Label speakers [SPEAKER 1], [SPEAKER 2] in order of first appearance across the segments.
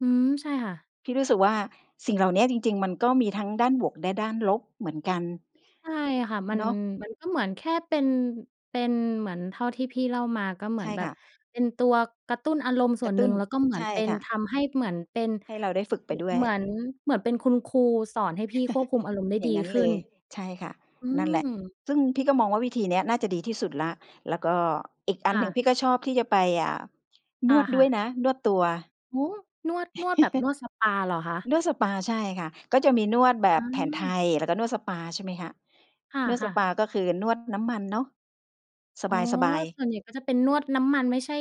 [SPEAKER 1] อืม ใช่ค่ะ
[SPEAKER 2] พี่รู้สึกว่า สิ่งเหล่าเนี้ยจริง ๆ มันก็มีทั้งด้านบวกและด้านลบเหมือนกัน
[SPEAKER 1] ใช่ค่ะ มัน
[SPEAKER 2] เนาะ
[SPEAKER 1] มันก็เหมือนแค่เป็น เป็นเหมือนเท่าที่พี่เล่ามา ก็เหมื
[SPEAKER 2] ใช
[SPEAKER 1] อน
[SPEAKER 2] ่
[SPEAKER 1] แบ
[SPEAKER 2] ค
[SPEAKER 1] บ
[SPEAKER 2] ่ะ
[SPEAKER 1] เป็นตัวกระตุ้นอารมณ์ส
[SPEAKER 2] ก
[SPEAKER 1] ่ว
[SPEAKER 2] ระ
[SPEAKER 1] น
[SPEAKER 2] ต
[SPEAKER 1] หน
[SPEAKER 2] ุ
[SPEAKER 1] ึ่
[SPEAKER 2] ้น
[SPEAKER 1] ง แล้วก็ เหมือ
[SPEAKER 2] ใช
[SPEAKER 1] น
[SPEAKER 2] ่
[SPEAKER 1] เป็น
[SPEAKER 2] ค่
[SPEAKER 1] ท
[SPEAKER 2] ะ
[SPEAKER 1] ำให้เหมือนเป็น
[SPEAKER 2] ให้เราได้ฝึกไป
[SPEAKER 1] อ
[SPEAKER 2] ด้วย
[SPEAKER 1] เหมือน เหมือนเป็นคุณครูสอนให้พี่ควบคุมอารมณ์ได้
[SPEAKER 2] อย่
[SPEAKER 1] ดี
[SPEAKER 2] างงั้น
[SPEAKER 1] ขึ
[SPEAKER 2] เ
[SPEAKER 1] ้
[SPEAKER 2] ล
[SPEAKER 1] น
[SPEAKER 2] ย ใช่ค่ะ
[SPEAKER 1] อื
[SPEAKER 2] นั่นแหละ
[SPEAKER 1] ม
[SPEAKER 2] ซึ่งพี่ก็มองว่า วิธีเนี้ยน่าจะดีที่สุดแล้ว แล้วก็อีกอั
[SPEAKER 1] ค
[SPEAKER 2] น
[SPEAKER 1] ่
[SPEAKER 2] หนึ่ง
[SPEAKER 1] ะ
[SPEAKER 2] พี่ก็ชอบที่จะไป อ่า
[SPEAKER 1] อ
[SPEAKER 2] น
[SPEAKER 1] า
[SPEAKER 2] วด
[SPEAKER 1] ค
[SPEAKER 2] ด
[SPEAKER 1] ่
[SPEAKER 2] ้ว
[SPEAKER 1] ะ
[SPEAKER 2] ยนะ นวดตัว
[SPEAKER 1] โอ้โฮ นวด นวดแบบนวดสปาเหรอคะ?
[SPEAKER 2] นวดสปา ใช่ค่ะ ก็จะมีนวดแบ
[SPEAKER 1] อ
[SPEAKER 2] บแผนไท
[SPEAKER 1] า
[SPEAKER 2] ย แล้วก็นวดสปา ใช่ไหมคะ
[SPEAKER 1] ค
[SPEAKER 2] นวดส
[SPEAKER 1] ่ะ
[SPEAKER 2] ป
[SPEAKER 1] ๆ
[SPEAKER 2] า ก็คือนวดน้ำมันเนาะ
[SPEAKER 1] อ๋อ
[SPEAKER 2] สบาย ๆ
[SPEAKER 1] ส่วนใหญ่ก็จะเป็นนวดน้ำมัน ไม่ใช่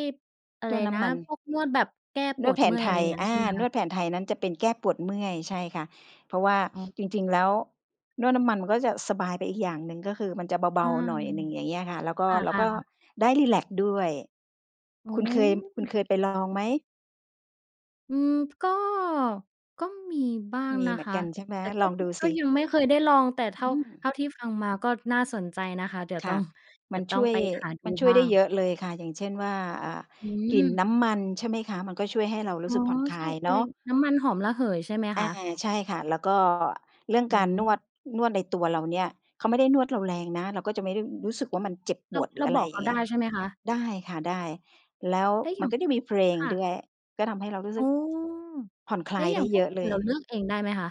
[SPEAKER 1] อะ
[SPEAKER 2] น
[SPEAKER 1] ไร
[SPEAKER 2] วด น้
[SPEAKER 1] นะ
[SPEAKER 2] ำมัน
[SPEAKER 1] พวกนวดแบบแก้
[SPEAKER 2] น
[SPEAKER 1] ป
[SPEAKER 2] ว
[SPEAKER 1] ว
[SPEAKER 2] ด
[SPEAKER 1] ด
[SPEAKER 2] แผ
[SPEAKER 1] เม
[SPEAKER 2] น
[SPEAKER 1] ื่อย
[SPEAKER 2] ไท
[SPEAKER 1] อะไร
[SPEAKER 2] ย
[SPEAKER 1] งั้
[SPEAKER 2] อ
[SPEAKER 1] นใช
[SPEAKER 2] า
[SPEAKER 1] ่ไหม
[SPEAKER 2] น
[SPEAKER 1] คะ?
[SPEAKER 2] วดแผนไทยนั้นจะเป็นแก้ปวดเมื่อย ใช่ค่ะ เพราะว่า
[SPEAKER 1] อ๋อ
[SPEAKER 2] จริง ๆ แล้ว นวดน้ำมันมันก็จะสบายไปอีกอย่างหนึ่ง ก็คือมันจะ
[SPEAKER 1] ใ
[SPEAKER 2] เ
[SPEAKER 1] ช
[SPEAKER 2] บ
[SPEAKER 1] ่
[SPEAKER 2] า ๆ หน่อยหนึ่ง อย่างเงี้ยค่ะ แล้วก็ แล้
[SPEAKER 1] ค
[SPEAKER 2] ว
[SPEAKER 1] ่
[SPEAKER 2] ก
[SPEAKER 1] ะ
[SPEAKER 2] ็
[SPEAKER 1] ๆ
[SPEAKER 2] ได้รีแลกซ์ด้วย
[SPEAKER 1] อ๋
[SPEAKER 2] คุณเคย คุณ
[SPEAKER 1] อ
[SPEAKER 2] เคยไปลองไหม?
[SPEAKER 1] อืม ก็ ก็มีบ้าง
[SPEAKER 2] มี
[SPEAKER 1] นะ
[SPEAKER 2] เหมื
[SPEAKER 1] ค
[SPEAKER 2] อน
[SPEAKER 1] ะ
[SPEAKER 2] กันใช่ไหม?
[SPEAKER 1] แต่ก
[SPEAKER 2] ล
[SPEAKER 1] ็
[SPEAKER 2] องดู
[SPEAKER 1] ก
[SPEAKER 2] ส
[SPEAKER 1] ็
[SPEAKER 2] ิ
[SPEAKER 1] ยังไม่เคยได้ลอง แต่เท่
[SPEAKER 2] อ
[SPEAKER 1] า
[SPEAKER 2] ื
[SPEAKER 1] เท
[SPEAKER 2] ม
[SPEAKER 1] ่าที่ฟังมาก็น่าสนใจนะคะ เดี๋ยว
[SPEAKER 2] ค
[SPEAKER 1] ต
[SPEAKER 2] ่
[SPEAKER 1] ้
[SPEAKER 2] ะ
[SPEAKER 1] อง เด
[SPEAKER 2] ม
[SPEAKER 1] ี
[SPEAKER 2] ั
[SPEAKER 1] ๋
[SPEAKER 2] น
[SPEAKER 1] ยวต
[SPEAKER 2] ช
[SPEAKER 1] ้อ
[SPEAKER 2] ่
[SPEAKER 1] ง
[SPEAKER 2] วย
[SPEAKER 1] ไปหาด
[SPEAKER 2] ม
[SPEAKER 1] ู
[SPEAKER 2] ันช่ว
[SPEAKER 1] บ
[SPEAKER 2] ย
[SPEAKER 1] ้า
[SPEAKER 2] ได้เ
[SPEAKER 1] ง
[SPEAKER 2] ยอะเลยค่ะ อย่างเช่นว่า อ่า
[SPEAKER 1] อื
[SPEAKER 2] กลิ่นน
[SPEAKER 1] ม
[SPEAKER 2] ้ำมัน ใช่ไหมคะ มันก็ช่วยให้เรารู
[SPEAKER 1] อ
[SPEAKER 2] ้
[SPEAKER 1] ๋อ
[SPEAKER 2] สึกผ่อนคล
[SPEAKER 1] ใช
[SPEAKER 2] า
[SPEAKER 1] ่
[SPEAKER 2] ยเ
[SPEAKER 1] อ
[SPEAKER 2] น
[SPEAKER 1] ะ
[SPEAKER 2] า
[SPEAKER 1] ไร
[SPEAKER 2] ะ
[SPEAKER 1] น้ำมันหอมระเหย ใช่ไหม
[SPEAKER 2] อ
[SPEAKER 1] ค
[SPEAKER 2] า
[SPEAKER 1] ะ?
[SPEAKER 2] ใช่ค่ะ แล้วก็เรื่อง
[SPEAKER 1] โอ้
[SPEAKER 2] การ
[SPEAKER 1] โ
[SPEAKER 2] น
[SPEAKER 1] ฮ
[SPEAKER 2] วด นวดในตัวเราเนี่ย เขาไม่ได้นวดเราแรงนะ เราก็จะไม่ได้ อ รู้สึกว่า มันเจ็บป
[SPEAKER 1] เรา
[SPEAKER 2] วด หร
[SPEAKER 1] เ
[SPEAKER 2] ื
[SPEAKER 1] ร
[SPEAKER 2] อ
[SPEAKER 1] า
[SPEAKER 2] อะไ
[SPEAKER 1] บ
[SPEAKER 2] ร
[SPEAKER 1] อก
[SPEAKER 2] อ
[SPEAKER 1] เ
[SPEAKER 2] ย
[SPEAKER 1] ข
[SPEAKER 2] ่า
[SPEAKER 1] า
[SPEAKER 2] งเ
[SPEAKER 1] ไ
[SPEAKER 2] งี
[SPEAKER 1] ด
[SPEAKER 2] ้ย
[SPEAKER 1] ้ ใช่ไหมคะ?
[SPEAKER 2] ได้ค่ะ ได้ แล้ว
[SPEAKER 1] แล้วอย
[SPEAKER 2] มั
[SPEAKER 1] ่
[SPEAKER 2] น
[SPEAKER 1] าง
[SPEAKER 2] ก็จะมีเพลง
[SPEAKER 1] ค่
[SPEAKER 2] ด
[SPEAKER 1] ะ
[SPEAKER 2] ้วย ก็ทำให้เรารู้ส
[SPEAKER 1] อ๋
[SPEAKER 2] ึ
[SPEAKER 1] อ
[SPEAKER 2] ก ผ่อนคล
[SPEAKER 1] แล้
[SPEAKER 2] า
[SPEAKER 1] ว
[SPEAKER 2] ย
[SPEAKER 1] อย
[SPEAKER 2] ไ
[SPEAKER 1] ่
[SPEAKER 2] ด
[SPEAKER 1] า
[SPEAKER 2] ้
[SPEAKER 1] งพ
[SPEAKER 2] เย
[SPEAKER 1] วก
[SPEAKER 2] อะ
[SPEAKER 1] กล
[SPEAKER 2] เล
[SPEAKER 1] ิ่น
[SPEAKER 2] ย
[SPEAKER 1] เราเลือกเองได้ไหมคะ?